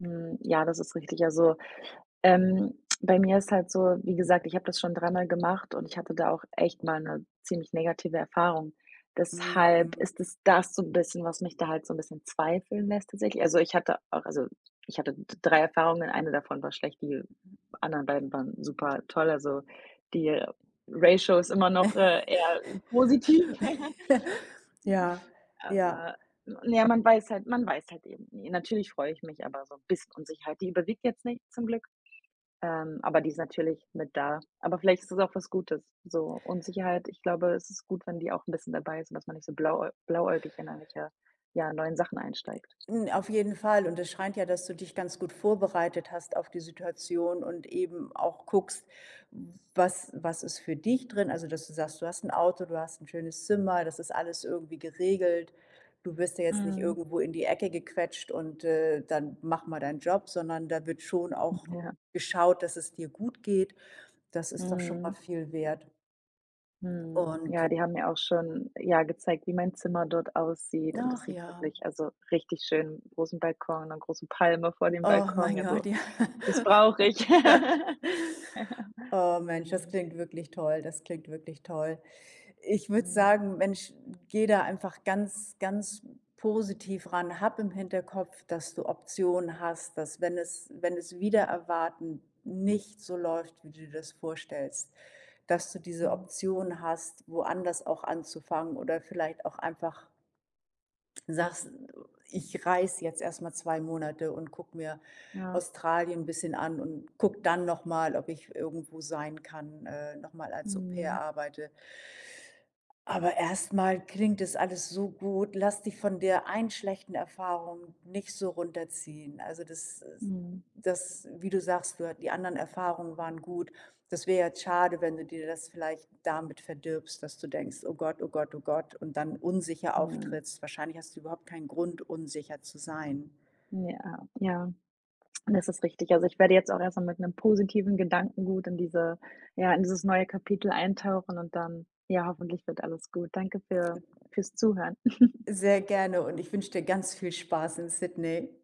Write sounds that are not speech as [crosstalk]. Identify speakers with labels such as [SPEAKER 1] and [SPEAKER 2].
[SPEAKER 1] Mhm, ja, das ist richtig, also, ähm, bei mir ist halt so, wie
[SPEAKER 2] Mhm.
[SPEAKER 1] gesagt, ich habe das schon dreimal gemacht und ich hatte da auch echt mal 'ne ziemlich negative Erfahrung, deshalb
[SPEAKER 2] Mhm.
[SPEAKER 1] ist es das so 'n bisschen, was mich da halt so 'n bisschen zweifeln lässt tatsächlich also, ich hatte auch, also, ich hatte d 3 Erfahrungen, eine davon war schlecht, die
[SPEAKER 2] Mhm.
[SPEAKER 1] anderen beiden waren super toll, also die Ratio ist immer noch, äh, eher positiv. [chuckles]
[SPEAKER 2] [chuckles] Ja. Ja.
[SPEAKER 1] Aber, na ja, man weiß halt man weiß halt eben nie. Natürlich freue ich mich, aber so 'n bisschen Unsicherheit die überwiegt jetzt nicht zum Glück, ähm, aber die ist natürlich mit da, aber vielleicht ist das auch was Gutes, so Unsicherheit, ich glaube, es ist gut, wenn die auch 'n bisschen dabei ist, und dass man nicht so blauäu blauäugig, [unintelligible] ja, neuen Sachen einsteigt.
[SPEAKER 2] Äh, n auf jeden Fall und es scheint ja, dass du dich ganz gut vorbereitet hast auf die Situation und eben auch guckst, was was ist für dich drin, also dass du sagst: „Du hast 'n Auto, du hast 'n schönes Zimmer, das ist alles irgendwie geregelt, du wirst ja jetzt nicht
[SPEAKER 1] Mhm.
[SPEAKER 2] irgendwo in die Ecke gequetscht und, äh, dann mach mal deinen Job“, sondern da wird schon
[SPEAKER 1] Hm,
[SPEAKER 2] auch
[SPEAKER 1] ja.
[SPEAKER 2] geschaut, dass es dir gut geht. Das ist doch schon mal
[SPEAKER 1] Mhm.
[SPEAKER 2] viel wert.
[SPEAKER 1] Mhm,
[SPEAKER 2] Und
[SPEAKER 1] ja, die haben mir auch schon, ja, gezeigt, wie mein Zimmer dort aussieht, und das
[SPEAKER 2] Ach
[SPEAKER 1] sieht
[SPEAKER 2] ja.
[SPEAKER 1] wirklich, also richtig schön 'n großen Balkon, 'ne große Palme vor dem
[SPEAKER 2] Oh,
[SPEAKER 1] Balkon,
[SPEAKER 2] mein
[SPEAKER 1] ja, so
[SPEAKER 2] Gott, ja.
[SPEAKER 1] das brauche ich.
[SPEAKER 2] [laughs]
[SPEAKER 1] [laughs]
[SPEAKER 2] Oh, Mensch, das
[SPEAKER 1] Mhm.
[SPEAKER 2] klingt wirklich toll, das klingt wirklich toll. Ich würde
[SPEAKER 1] Mhm.
[SPEAKER 2] sagen, Mensch, gehe da einfach ganz, ganz positiv ran, hab im Hinterkopf, dass du Optionen hast, dass, wenn es wenn es wider Erwarten nicht so läuft, wie du dir das vorstellst, dass du diese
[SPEAKER 1] Mhm.
[SPEAKER 2] Option hast, woanders auch anzufangen oder vielleicht auch einfach sagst: „Ich reise jetzt erst mal 2 Monate und gucke mir
[SPEAKER 1] Ja.
[SPEAKER 2] Australien 'n bisschen an und gucke dann noch mal, ob ich irgendwo sein kann, äh, noch mal als Au-pair
[SPEAKER 1] Mhm.
[SPEAKER 2] arbeite.” Aber erst mal klingt das alles so gut. Lass dich von der einen schlechten Erfahrung nicht so runterziehen, also das i
[SPEAKER 1] Mhm.
[SPEAKER 2] das wie du sagst, dort die anderen Erfahrungen waren gut. Das wäre ja jetzt schade, wenn du dir das vielleicht damit verdirbst, dass du denkst: „Oh Gott, oh Gott, oh Gott“, und dann unsicher
[SPEAKER 1] Mhm.
[SPEAKER 2] auftrittst wahrscheinlich hast du überhaupt keinen Grund, unsicher zu sein.
[SPEAKER 1] Ja, ja, das ist richtig. Also, ich werde jetzt auch erst mal mit 'nem positiven Gedankengut in diese ja, in dieses neue Kapitel eintauchen und dann, ja, hoffentlich wird alles gut. Danke für fürs Zuhören. [chuckles]
[SPEAKER 2] Sehr gerne und ich wünsche dir ganz viel Spaß in Sydney.